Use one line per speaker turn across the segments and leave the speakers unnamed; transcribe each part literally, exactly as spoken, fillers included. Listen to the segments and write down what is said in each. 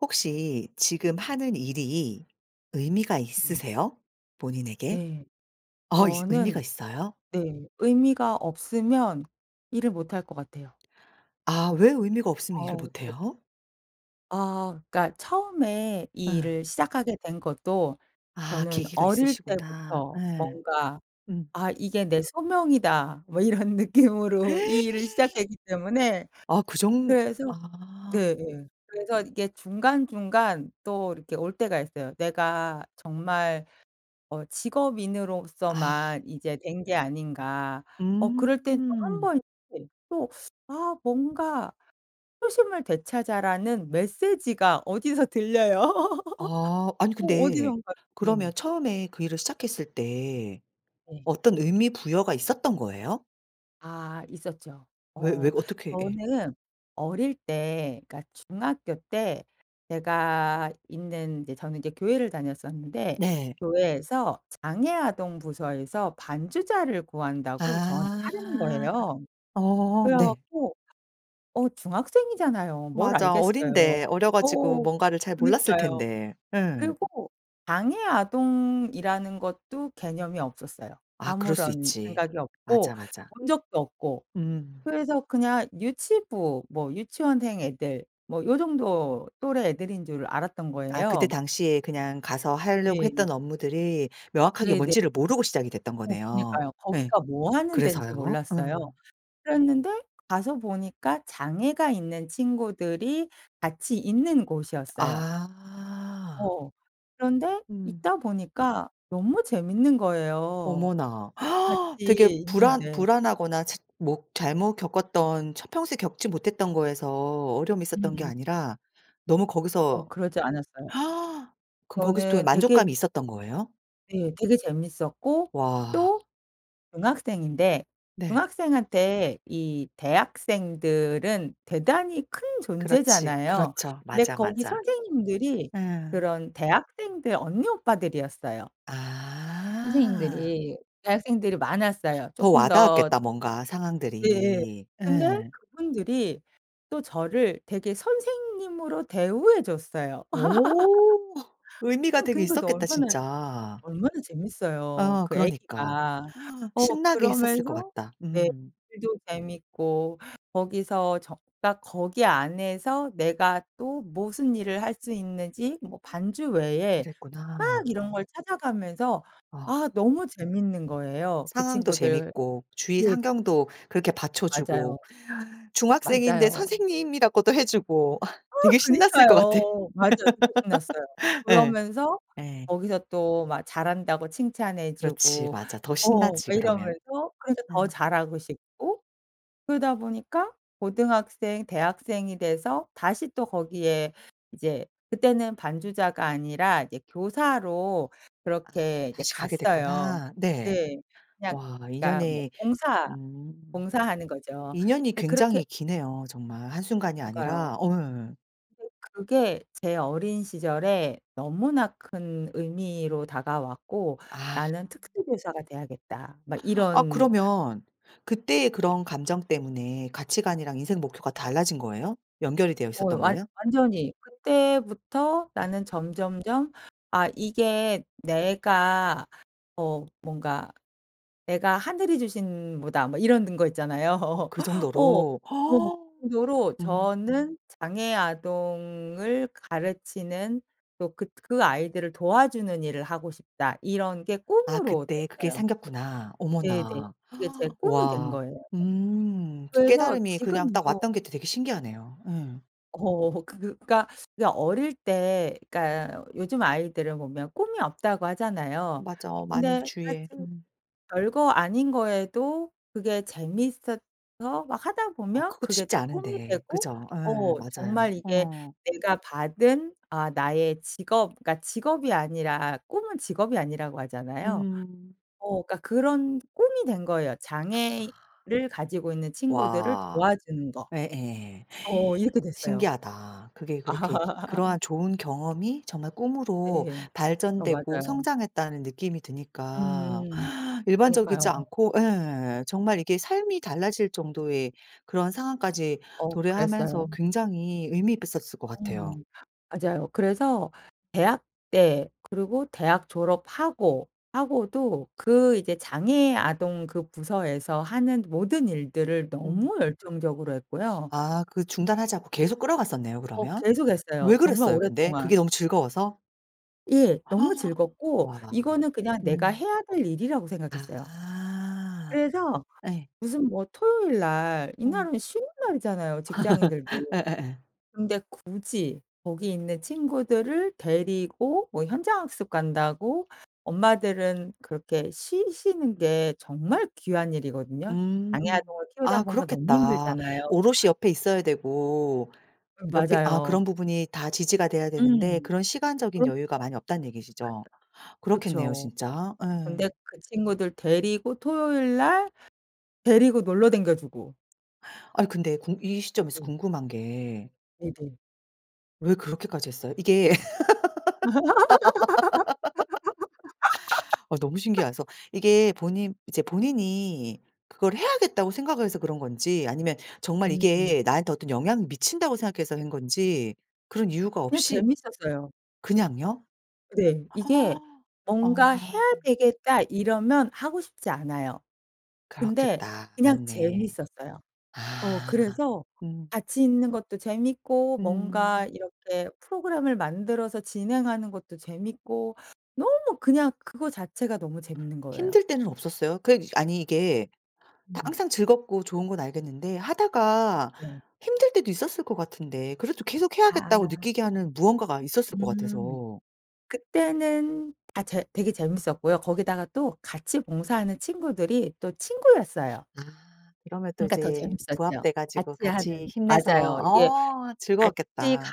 혹시 지금 하는 일이 의미가
음.
있으세요 본인에게?
네.
아 있스 의미가
저는
있어요?
네 의미가 없으면 일을 못할 것 같아요.
아 왜 의미가 없으면 일을
어
못
네.
해요?
아 그러니까 처음에 이
예.
일을 시작하게 된 것도
아
저는
계기가
어릴
있으시구나.
때부터
예.
뭔가
음.
'아 이게 내 소명이다.' 뭐 이런 느낌으로 이 일을 시작했기 때문에
아 그 정
그래서
아.
네네 그래서 이게 중간중간 또 이렇게 올 때가 있어요. '내가 정말 어
아.
직업인으로서만 이제 된 게 아닌가.' 어 그럴 때는 또 한
음.
번 네 또 아 뭔가 '초심을 되찾아.'라는 메시지가 어디서 들려요.
아. 아니
어
근데
어디선가 네.
그러면 처음에 그 일을 시작했을 때
네.
어떤 의미 부여가 있었던 거예요?
아 있었죠.
왜 왜?
어
어떻게 예.
저는 어릴 때 그러니까 중학교 때 제가 있는 이제 저는 이제 교회를 다녔었는데
네.
교회에서 장애 아동 부서에서 반주자를 구한다고 저한테 하라는
아.
거예요.
어
그래
네.
갖고 어 중학생이잖아요. 뭘
맞아.
알겠어요.
어린데 어려 가지고
어
뭔가를 잘 몰랐을
그니까요.
텐데. 예.
그리고 장애 아동이라는 것도 개념이 없었어요.
아 그럴 수
아무런
있지.
생각이 없고
맞아, 맞아.
본 적도 없고.
음.
그래서 그냥 유치부, 뭐 유치원생 애들 뭐 요 정도 또래 애들인 줄 알았던
아 그때
거예요.
당시에 그냥 가서 하려고
네.
했던 업무들이 명확하게
네네.
뭔지를 모르고 시작이 됐던
어
거네요.
그니까요.
예
거기가 뭐 하는 데인지
그래서요?
몰랐어요.
어.
그랬는데 가서 보니까 장애가 있는 친구들이 같이 있는 곳이었어요.
아.
어. 그런데
음.
있다 보니까 너무 재밌는 거예요
어머나.
같이
되게 불안
있는데.
불안하거나 자 못 잘못 겪었던 처 평소에 겪지 못했던 거에서 어려움이 있었던 게
음음.
아니라 너무
어
거기서
그러지 않았어요.
그럼 거기서 또 이
저는 되게
만족감이 있었던 거예요?
네. 되게 재밌었고
와.
또 중학생인데
네.
중학생한테 이 대학생들은 대단히 큰
그렇지.
존재잖아요.
그렇죠.
근데
맞아,
거기
맞아.
선생님들이
예.
그런 대학생들 언니 오빠들이었어요.
아.
선생님들이 대학생들이 많았어요.
더
쪼끔 더
와닿았겠다 뭔가
네예
상황들이.
근데
예.
그분들이 또 저를 되게 선생님으로 대우해 줬어요.
오. 의미가
음
되게
그러니까 또
있었겠다
얼마나,
진짜.
얼마나 재밌어요
어
그
그러니까.
애기가. 어
신나게 했었을 것
그러면서
같다.
네
음.
글도 재밌고 거기서 적 딱 거기 안에서 내가 또 무슨 일을 할 수 있는지 뭐 반주 외에 막
그랬구나.
이런 걸 찾아가면서
아.
아 너무 재밌는 거예요. 그
상황도
친구들
재밌고 주위
네.
환경도 그렇게
맞아요.
받쳐주고 중학생인데
맞아요.
선생님이라고도 해 주고
아
되게 신났을 것 같아.
그니까요. 맞아. 진짜 신났어요.
예.
그러면서
예.
거기서 또 막 잘한다고 칭찬해
그렇지
주고
맞아. 더
어 막
신나지 그러면.
이러면서 그래서 더
예.
잘하고 싶고 그러다 보니까 고등학생, 대학생이 돼서 다시 또 거기에 이제 그때는 반주자가 아니라 이제 교사로
아
그렇게 이제
다시 가게
갔어요.
됐구나. 네.
네. 그냥
와
그러니까 뭐
인연이
봉사,
음.
봉사하는 거죠.
인연이
네
굉장히
그렇게
기네요 정말 한 순간이
그러니까요.
아니라. 어 예예.
근데 그게 제 어린 시절에 너무나 큰 의미로 다가왔고
아.
'나는 특수 교사가 돼야겠다.' 막
아
이런
그러면 그 때의 그런 감정 때문에 가치관이랑 인생 목표가 달라진 거예요? 연결이 되어
어
있었던
완
거예요?
완전히 그때부터
아.
나는 점점점 '아 이게 내가 어 뭔가 내가 하늘이 주신 뭐다.' 뭐 이러는 거 있잖아요.
어
어
그정도로.
뭐 그 정도로
음.
저는 '장애 아동을 가르치는 또 그 그 아이들을 도와주는 일을 하고 싶다.' 이런 게
아 그
꿈으로
때 그게
됐어요.
생겼구나.
네네.
어머나.
그게 제 꿈이 된
와.
거예요.
음.
그래서
깨달음이 그냥 딱
지금도
왔던게 되게 신기하네요. 예.
어 그러니까 그 어릴 때 그러니까 요즘 아이들을 보면 꿈이 없다고 하잖아요.
맞아 많이
근데
주위에
사실
음.
별거 아닌 거에도 그게 재미있어서 막 하다
아
보면
그것도
그게
쉽지
또 꿈이
않은데
되고
그쵸? 예,
어
맞아요
정말 이게
어.
내가 받은 아 나의 직업 그러니까 직업이 아니라 꿈은 직업이 아니라고 하잖아요.
음.
어 그러니까 그런 꿈이 된 거예요. '장애를 가지고 있는 친구들을
와.
도와주는 거.'
예예
어 이렇게 됐어요.
신기하다. 그게 그렇게 그러한 좋은 경험이 정말 꿈으로
네. 어
발전되고
맞아요.
성장했다는 느낌이 드니까
음음.
일반적이지
그러니까요.
않고 예 정말 이게 삶이 달라질 정도의 그런 상황까지
어
도래하면서
그랬어요.
굉장히 의미 잎었을 것 같아요.
음. 맞아요. 그래서 대학 때 그리고 대학 졸업하고 하고도 그 이제 장애 아동 그 부서에서 하는 모든 일들을
음.
너무 열정적으로 했고요.
아, 그 중단하지 않고 계속 끌어갔었네요
어
그러면.
계속했어요
왜
정말
그랬어요 근데? 그게
오랫동안.
너무 즐거워서?
예. 너무 즐겁고
와.
이거는 그냥 내가
음.
해야 될 일이라고 생각했어요.
아.
그래서
예.
무슨 뭐 토요일 날
어.
이날은 쉬는 날이잖아요 직장인들도.
예예예.
근데 굳이 거기 있는 친구들을 데리고 뭐 현장 학습 간다고 엄마들은 그렇게 쉬시는 게 정말 귀한 일이거든요.
음.
장애 아동을 키우다
아
보면 너무
그렇겠다.
힘들잖아요.
오롯이 옆에 있어야 되고
음
옆에 아
맞아요.
그런 부분이 다 지지가 돼야 되는데
음.
그런 시간적인
그럼요.
여유가 많이 없다는 얘기시죠?
맞아.
그렇겠네요
그쵸.
진짜. 예.
근데 그 친구들 데리고 토요일 날 데리고 놀러 다녀주고.
아니 근데 궁 이 시점에서
네.
궁금한 게
네네.
왜 그렇게까지 했어요? 이게 아 너무 신기하서 이게 본인 이제 본인이 그걸 해야겠다고 생각을 해서 그런 건지 아니면 정말
음음.
이게 나한테 어떤 영향을 미친다고 생각해서 한 건지 그런 이유가
그냥
없이
재밌었어요.
그냥요?
네. 이게 뭔가 '해야
아.
되겠다.' 이러면 하고 싶지 않아요. 근데
그렇겠다.
그냥
맞네.
재밌었어요. 어
아.
그래서
음.
같이 있는 것도 재밌고 뭔가
음.
이렇게 프로그램을 만들어서 진행하는 것도 재밌고 너무 그냥 그거 자체가 너무 재밌는 거예요.
힘들 때는 없었어요? 그냥 아니 이게
음.
항상 즐겁고 좋은 건 알겠는데 하다가
네.
힘들 때도 있었을 것 같은데 그래도 계속해야겠다고
아.
느끼게 하는 무언가가 있었을 것
음
같아서.
그때는 아 재 되게 재밌었고요. 거기다가 또 같이 봉사하는 친구들이 또 친구였어요.
아. 그러면 또
그러니까 더
이제
재밌었죠.
부합돼 가지고
같이
같이
하는
힘내서
맞아요. 이게
어
같이
즐거웠겠다.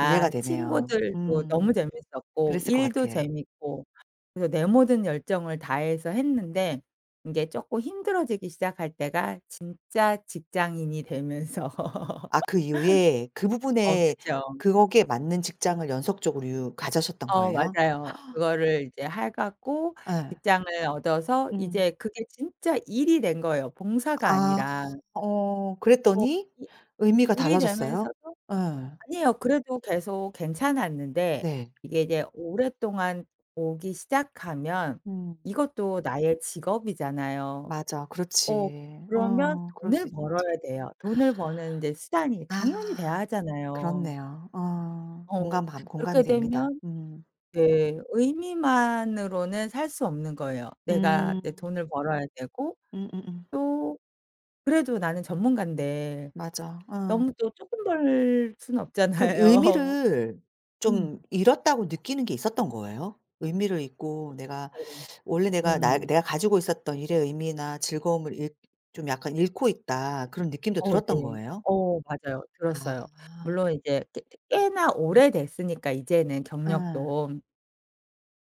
이해가 되네요.
친구들도 너무
음.
재밌었고
그랬을 것
일도
같아.
재밌고 그래서 내 모든 열정을 다해서 했는데 이제 쪼끔 힘들어지기 시작할 때가 진짜 직장인이 되면서
아 그 이후에 그
어
부분에
그쵸.
그 거기에 맞는 직장을 연속적으로 유 가져셨던
어
거에요?
맞아요. 그거를 이제 해 갖고
예.
직장을 얻어서
음.
이제 그게 진짜 일이 된 거예요 봉사가
아.
아니라.
어
어
그랬더니
이
의미가
일이
달라졌어요?
되면서도
예.
아니에요 그래도 계속 괜찮았는데
네.
이게 이제 오랫동안 오기 시작하면
음.
이것도 나의 직업이잖아요.
맞아
어
그렇지.
그러면
어 그럴 수
돈을
있지. 맞아.
벌어야 돼요. 돈을 버는 이제 수단이 당연히 돼야
아.
하잖아요.
그렇네요. 어
어
공감 반
그렇게
공감이 됩니다.
되면
음.
네 의미만으로는 살 수 없는 거예요. 내가
음.
내 돈을 벌어야 되고
음음음.
또 그래도 나는 전문가인데
맞아. 어.
너무 또 쪼끔 벌 수는
그럼
없잖아요.
의미를
음.
좀 잃었다고 느끼는 게 있었던 거예요? 의미를 잃고 내가
네.
원래 내가 나
음.
'내가 가지고 있었던 일의 의미나 즐거움을 잃 좀 약간 잃고 있다.' 그런 느낌도
어
들었던
네.
거예요?
어 맞아요. 들었어요.
아.
물론 이제 꽤 꽤 꽤나 오래됐으니까 이제는
예.
경력도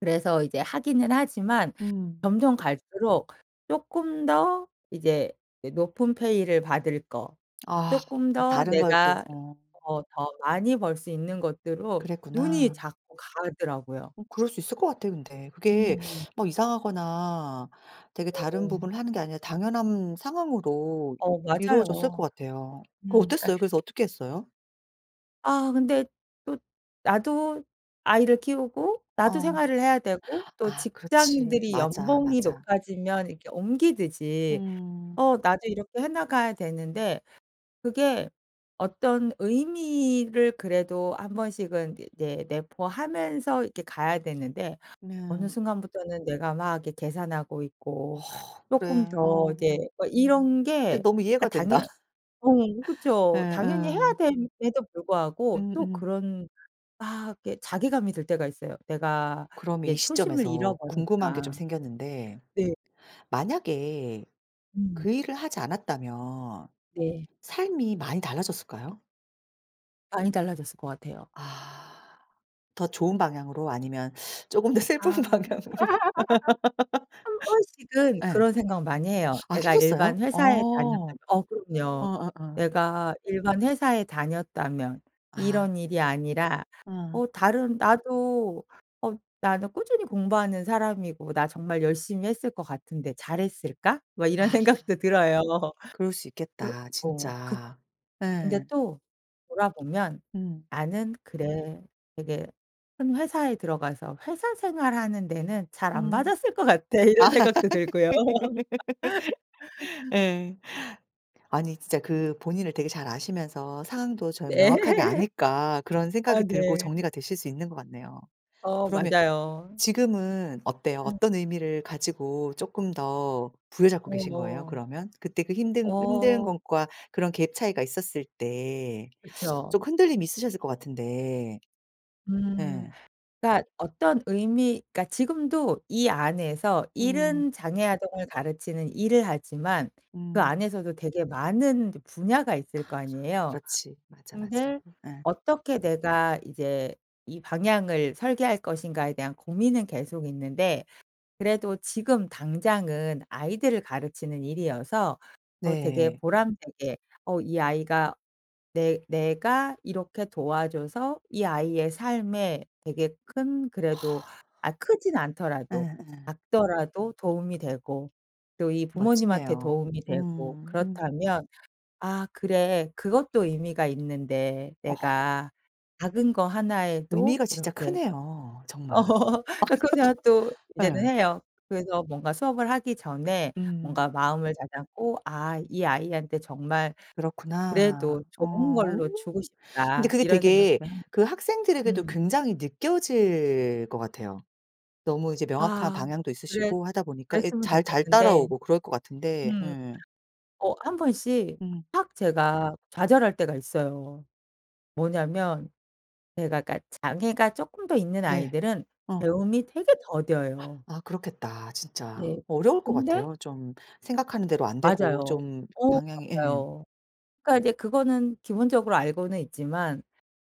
그래서 이제 하기는 하지만
음.
점점 갈수록 쪼끔 더 이제 이 높은 페이를 받을 거,
아.
쪼끔 더
다른 걸 또
내가
어.
어 더 많이 벌 수 있는 것들로 눈이
그랬구나.
자꾸 가더라고요.
어 그럴 수 있을 것 같아 근데. 그게
음음.
막 이상하거나 되게 다른
[unintelligible]
부분을 하는 게 아니라 당연한 상황으로
어
이루어졌을 것
맞아요.
같아요. 그거
음. 그러니까
어땠어요? 그래서 어떻게 했어요?
아 근데 또 나도 아이를 키우고 나도
어.
생활을 해야 되고 또
아 그렇지.
직장인들이
맞아
연봉이
맞아.
높아지면 이렇게 옮기듯이
음.
어 나도 이렇게 해 나가야 되는데 그게 어떤 의미를 그래도 한번씩은 이게 내 내포하면서 이렇게 가야 되는데 어느
네.
순간부터는 내가 막 이렇게 계산하고
어.
있고
그래
쪼끔 더
어.
이제 뭐 이런
근데
게
너무
그러니까
이해가 된다.
당연 어 그쵸 당연히 해야
예예.
됨에도 불구하고 또
음음.
그런 막 이렇게 자괴감이 들 때가 있어요. '내가
그럼 이
이제 초심을
시점에서 궁금한 게 좀
잃어버렸다.'
생겼는데
네.
만약에
음.
그 일을 하지 않았다면
네.
삶이 많이 달라졌을까요?
많이 달라졌을 것 같아요.
아. 더 좋은 방향으로 아니면 쪼금 더 슬픈
아.
방향으로?
한번씩은
예.
그런 생각 많이 해요.
아
'내가
하셨어요?
일반 회사에
어.
다녔다면' 어 그럼요.
어어어.
'내가 일반 회사에 다녔다면
아.
이런 일이 아니라
어.
어 다른 나도 어 나는 꾸준히 공부하는 사람이고 나 정말 열심히 했을 것 같은데 잘했을까?' 뭐
아.
이런 생각도 들어요.
그럴 수
그러
있겠다
어 그
진짜.
근데
예.
또 돌아보면
음.
'나는 그래. 되게 큰 회사에 들어가서 회사 생활하는 데는 잘 안
음.
맞았을 것 같아.' 이런 생각도 들고요.
예. 아니 진짜 그 본인을 되게 잘 아시면서 상황도 저는
네.
명확하게 아니까 그런
아
생각이 들고
네.
정리가 되실 수 있는 것 같네요.
어
그러면
맞아요.
지금은 어때요?
음.
어떤 의미를 가지고 쪼끔 더 부여잡고 계신 거예요
어.
그러면? 그때 그 힘든 힘든
어.
것과 그런 갭 차이가 있었을 때
그쵸.
좀 흔들림이 있으셨을 것 같은데.
음.
예.
그러니까 어떤 의미 그러니까 지금도 이 안에서 일은
음.
장애 아동을 가르치는 일을 하지만 그
음.
안에서도 되게 많은 이제 분야가 있을 거 아니에요.
그렇지. 맞아 맞아.
근데
예.
'어떻게 내가 이제 이 방향을 설계할 것인가.'에 대한 고민은 계속 있는데 그래도 지금 당장은 아이들을 가르치는 일이어서 어 되게
네.
보람되게 어 이 아이가 내 내가 이렇게 도와줘서 이 아이의 삶에 되게 큰 그래도 아 크지는 않더라도
예예.
작더라도 도움이 되고 또 이 부모님한테
멋지네요.
도움이 되고
음. 음.
그렇다면 '아 그래 그것도 의미가 있는데
어.
내가 작은 거 하나에도
의미가 진짜
이렇게'
크네요 정말.
아 그런 생각도 이제는
예.
해요. 그래서 뭔가 수업을 하기 전에 뭔가
음.
마음을 다잡고 '아 이 아이한테 정말
그렇구나.
그래도 좋은
어.
걸로 주고
근데
싶다.'
그게
이런
되게
생각도 함
그 학생들에게도
음.
굉장히 느껴질 것 같아요. 너무 이제 명확한
아
방향도
그래
있으시고 하다 보니까 예
그랬으면
잘 잘
좋겠는데.
따라오고 그럴 것 같은데.
음.
예.
어 한번씩
음.
확 제가 좌절할 때가 있어요. 뭐냐면 제가 그러니까 장애가 쪼끔 더 있는
네.
아이들은
어.
배움이 되게 더뎌요.
아 그렇겠다 진짜.
네.
어려울 것
근데
같아요. 좀 생각하는 대로 안 되고
맞아요.
좀
어
방향이 예.
맞아요. 그러니까 이제 그거는 기본적으로 알고는 있지만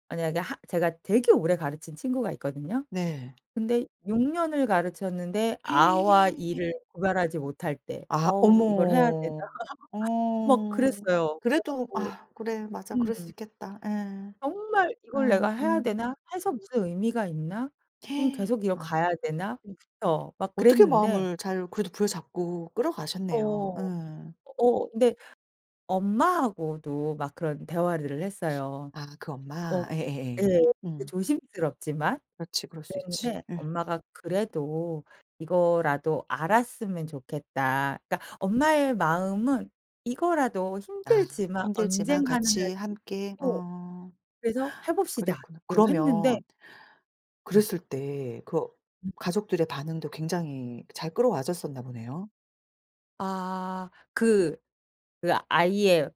만약에 하 제가 되게 오래 가르친 친구가 있거든요.
네.
근데 육 년을 가르쳤는데 아와 이를 구별하지 못할 때
아
'어우 이걸 해야 되나?'
어머.
막
어.
그랬어요. 그래
그래도
갖고
아 그래 맞아 그럴 수
음.
있겠다. 예.
'정말 이걸 내가
응.
해야
응.
되나? 해서 무슨 의미가 있나? 그럼 계속 이거 가야
아.
되나?' 음 그쵸. 막
어떻게
그랬는데
마음을 잘 그래도 부여잡고 끌어가셨네요.
어.
예.
어 근데 엄마하고도 막 그런 대화를 했어요.
아 그
어
엄마? 예예예.
예. 이게
응.
조심스럽지만
그렇지 그럴 수 있지.
그랬는데
응.
엄마가 "그래도 이거라도 알았으면 좋겠다." 그러니까 엄마의 마음은 이거라도
아
힘들지만
힘들지만
언젠가는 할
같이
수
함께
있고
어.
그래서 "해봅시다."
그랬구나.
이러고 했는데
그러면
음.
그랬을 때 그
음.
가족들의 반응도 굉장히 잘 끌어와졌었나 보네요.
아. 그 그 아이의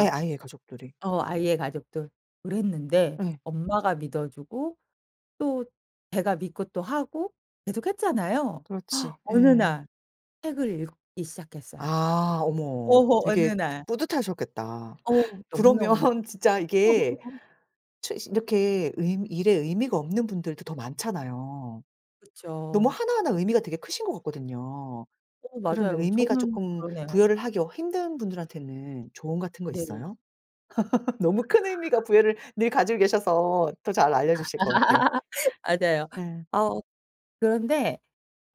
예. 아예 가족들이.
어 아이의 가족들. 그랬는데
예.
엄마가 믿어 주고 또 제가 믿고 또 하고 계속 했잖아요.
그렇지.
어느
예.
날 책을 읽기 시작했어요.
아. 어머.
오호 어느
되게 트
날.
뿌듯하셨겠다.
어. 너무너무
그러면 진짜 이게
[unintelligible]
추 이렇게 의 일에 의미가 없는 분들도 더 많잖아요. 너무
그쵸.
하나하나 의미가 되게 크신 것 같거든요.
어
그런
맞아요.
의미가
저는
쪼끔
그러네요.
부여를 하기 어 힘든 분들한테는 조언 같은 거
네.
있어요? 너무 큰 의미가
아.
부여를 늘 가지고 계셔서 더 잘
아.
알려 주실 것 같아.
맞아요.
예.
어 그런데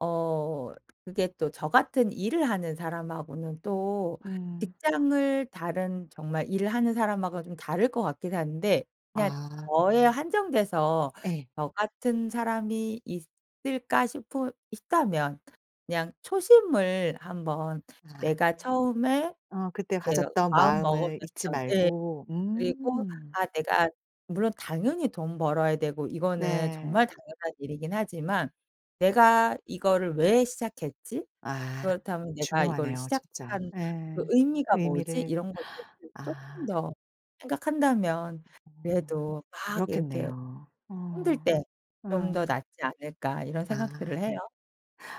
어 그게 또 저 같은 일을 하는 사람하고는 또
음.
직장을 다른 정말 일을 하는 사람하고는 좀 다를 것 같기는 한데 그냥
아.
저에 한정돼서
예.
'저 같은 사람이 있을까.' 싶으 있다면 그냥 초심을 한번
아.
내가 처음에
어 그때
내가
가졌던
마음
마음을 잊지
먹었었던 예.
말고.
그리고
음.
아 내가 물론 당연히 돈 벌어야 되고 이거는
네.
정말 당연한 일이기는 하지만 '내가 이거를 왜 시작했지?
아
그렇다면 내가 이거를
중요하네요 진짜.
시작한
예.
그 의미가 뭐지?'
의미를.
이런 것들을 쪼끔
아.
더 생각한다면
어.
그래도 막 이렇게
그렇겠네요.
힘들
어.
때 '좀 더
예.
낫지 않을까.' 이런 생각들을
아.
해요.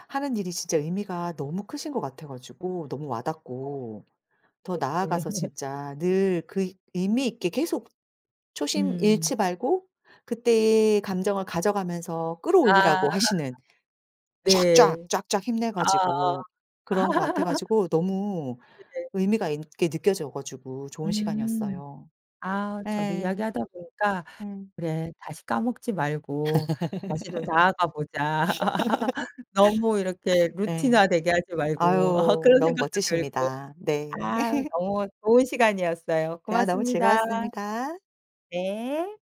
하는 일이 진짜 의미가 너무 크신 것 같아 가지고 너무
어.
와닿고 더 나아가서
네네네.
진짜 늘 그 의미 있게 계속 초심
음.
잃지 말고 그때의 감정을 가져가면서
아.
끌어올리라고 하시는 쫙쫙
네.
쫙쫙 힘내
아아.
가지고 그런 것 같아 가지고 너무
네.
의미가 있게 느껴져 가지고 좋은
음.
시간이었어요.
아 저도
예.
이야기하다 보니까
음.
'그래. 다시 까먹지 말고 다시 좀 나아가 보자.' '너무 이렇게
예.
루틴화되게 하지 말고.' 어
아유
그런
너무
생각도 들고
멋지십니다. 네.
아 너무 좋은 시간이었어요.
대화 너무
고맙습니다.
즐거웠습니다.
네.